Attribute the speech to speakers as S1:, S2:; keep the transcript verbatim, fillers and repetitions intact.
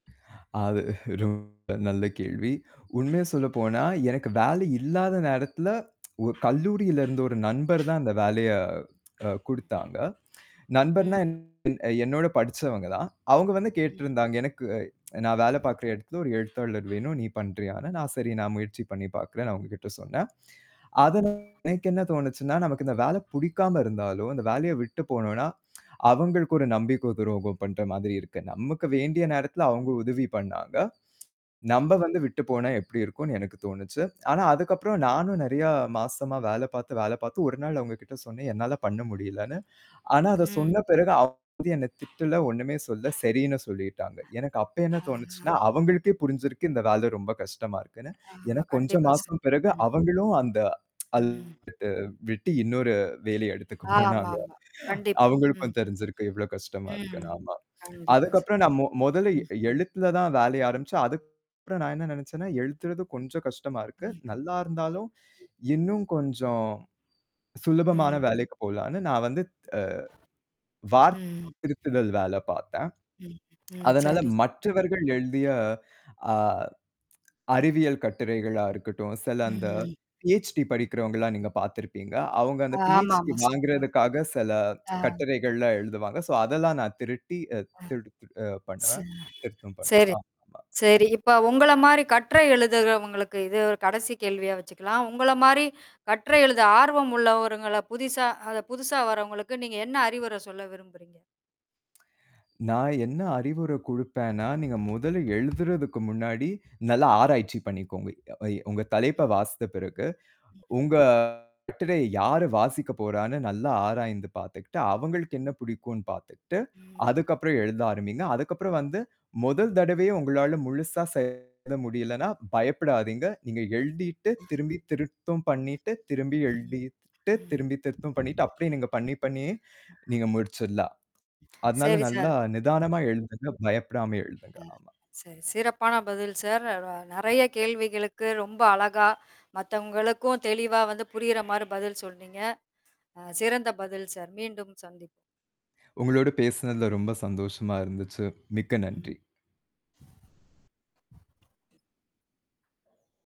S1: அது ரொம்ப நல்ல கேள்வி. உண்மைய சொல்லப்போனா, எனக்கு வேலை இல்லாத நேரத்துல ஒரு கல்லூரியிலருந்து ஒரு நண்பர் தான் அந்த வேலைய அ கொடுத்தாங்க நண்பர்ன்னா
S2: ம்.
S1: அ என்னோட படிச்சவங்க தான். அவுங்க வந்து கேட்டு
S2: ம்.
S1: இருந்தாங்க, எனக்கு நான் வேல பாக்குற இடத்துல ஒரு எழுத்தாளர் வேணும். நீ பண்றியா? நான் சரி நான் முயற்சி பண்ணி பார்க்குறேன்னு அவுங்ககிட்ட சொன்னேன்.
S2: ம்.
S1: அதனா எனக்கு என்ன தோணுச்சுன்னா, நமக்கு இந்த வேலை புடிக்காம இருந்தாலோ! இந்த வேலைய விட்டுப் போனோன்னா, அவுங்களுக்கு ஒரு நம்பிக்கை துரோகம் பண்ற மாதிரி இருக்கு. நமக்கு வேண்டிய நேரத்துல அவுங்க உதவி பண்ணாங்க.
S2: ம்.
S1: நம்ம வந்து விட்டுப் போனா எப்பிடி இருக்குன்னு எனக்குத் தோணுச்சுனா. ஆனா, அதுக்கப்புறம் நானும் நிறைய மாசமா வேலை பாத்து, வேலை பாத்து ஒருநாள் அவுங்ககிட்ட சொன்னேன், "என்னால பண்ண முடியலன்னு." ஆனா, அதச்
S2: ம்.
S1: சொன்ன பிறகு [unintelligible] என்னைத் திட்டுல ஒண்ணுமே சொல்ல. சரின்னு சொல்லிட்டாங்க. எனக்கு அப்ப என்ன தோணுச்சுன்னா, அவுங்களுக்கே
S2: [unintelligible]
S1: புரிஞ்சிருக்கு, இந்த வேலை ரொம்ப கஷ்டமா இருக்குன்னு. ஏன்னா
S2: ஆமா.
S1: கொஞ்சம்
S2: கண்டிப்பா சார்.
S1: மாசம் பிறகு
S2: ம்.
S1: அவுங்களும் அந்த அல்
S2: ம்.
S1: விட்டு, விட்டி இன்னொரு வேலைய எடுத்துக்க
S2: ஆமா,
S1: போனாங்க
S2: ஆமா. கண்டிப்பா. ம்.
S1: அவுங்களுக்கும் தெரிஞ்சிருக்கு எவ்ளோ கஷ்டமா
S2: ம்.
S1: இருக்குன்னு ஆமா.
S2: கண்டிப்பா சார்
S1: அதுக்கப்புறம் நான் மொ மொதல்ல எ
S2: ம்.
S1: எழுதுறதுல தான் வேலை ஆரம்பிச்சேன். அதுக்கப்புறம் நான் என்ன நினைச்சேன்னா எழுத்துறது இது கொஞ்சம் கஷ்டமா இருக்கு.
S2: ம்
S1: நல்லா இருந்தாலும் இன்னும் கொஞ்சம் சுலபமான
S2: ம்.
S1: வேலைக்குப் போகலான்னு நான் வந்து அ
S2: ம்.
S1: [unintelligible] திருத்தல் வேலை பார்த்தேன்.
S2: ம். ம்,
S1: அதனால
S2: சரி.
S1: மற்றவர்கள் எழுதிய அ, அறிவியல் கட்டுரைகளா இருக்கட்டும். சில
S2: ம்,
S1: அந்த
S2: ம்.
S1: PhD படிக்கிறவங்கள்ல்லாம் நீங்கப் பாத்துருப்பீங்க. அவுங்க அந்த
S2: ஆமா,
S1: PhD
S2: ஆமா சார்.
S1: வாங்குறதுக்காகச் சில
S2: ஆ.
S1: கட்டுரைகள் எழுதுவாங்க. ஸோ அதெல்லாம் நான் திருட்டி
S2: ஆ,
S1: திருட்டு அ பண்ணுவேன்.
S2: சார்.
S1: திருத்தம் பண்ணுவேன்.
S2: சரி.
S1: ஆமா.
S2: சரி. இப்ப உங்கள மாரி கட்டுரை எழுதுகவங்களுக்கு இது ஒரு கடைசி கேள்வியா வச்சுக்கலாம். உங்களமாரி கட்டுரை எழுத ஆர்வம் உள்ளவருங்கள புதிசா புதுசா வர்றவங்களுக்கு நீங்க என்ன அறிவுரை சொல்ல விரும்புறீங்க?
S1: நான் என்ன அறிவுரை குடுப்பேனா, நீங்க முதல்ல எழுதுறதுக்கு முன்னாடி நல்ல ஆராய்ச்சி பண்ணிக்கோங்க. வை உங்க
S2: ம்.
S1: தலைப்ப வாஸ்த்த பிறகு
S2: ம்ஹ்ம்.
S1: உங்க கட்டுரைய யாரு வாசிக்கப் போறான்னு நல்ல ஆராய்ந்து பாத்துட்டு அவுங்களுக்கு என்ன
S2: ம்.
S1: புடிக்குன்னு பாத்துட்டு,
S2: ம்.
S1: அதுக்கப்புறம் எழுத ஆரம்பிங்க. அதுக்கப்புறம் வந்து முதல் தடவையா உங்களால முழுசா செயல்பட முடியலன்னா பயப்படாதீங்க. நீங்க எழுதிட்டு திரும்பி திருத்தும் பண்ணிட்டு, திரும்பி எழுதிட்டு
S2: ம்
S1: திரும்பி திருத்தும் பண்ணிட்டு அப்பிடியே நீங்கப் பண்ணி, பண்ணியே நீங்க முடிச்சிட்லாம். அதனால
S2: சரி சார்.
S1: நல்லா நிதானமா எழுதுங்க. பயப்படாம எழுதுங்க.
S2: அ,
S1: ஆமா.
S2: சரி. சிறப்பான பதில் சார். ர நி நிறைய கேள்விகளுக்கு ரொம்ப அழகா மத்தவங்களுக்கும் தெளிவா வந்து புரியிறமாரி பதில் சொன்னீங்க. அ சிறந்த பதில் சார். மீண்டும் சந்திப்போம்.
S1: உங்களோட பேசுனதுல ரொம்ப சந்தோஷமா இருந்துச்சு. மிக்க
S2: ம்.
S1: நன்றி.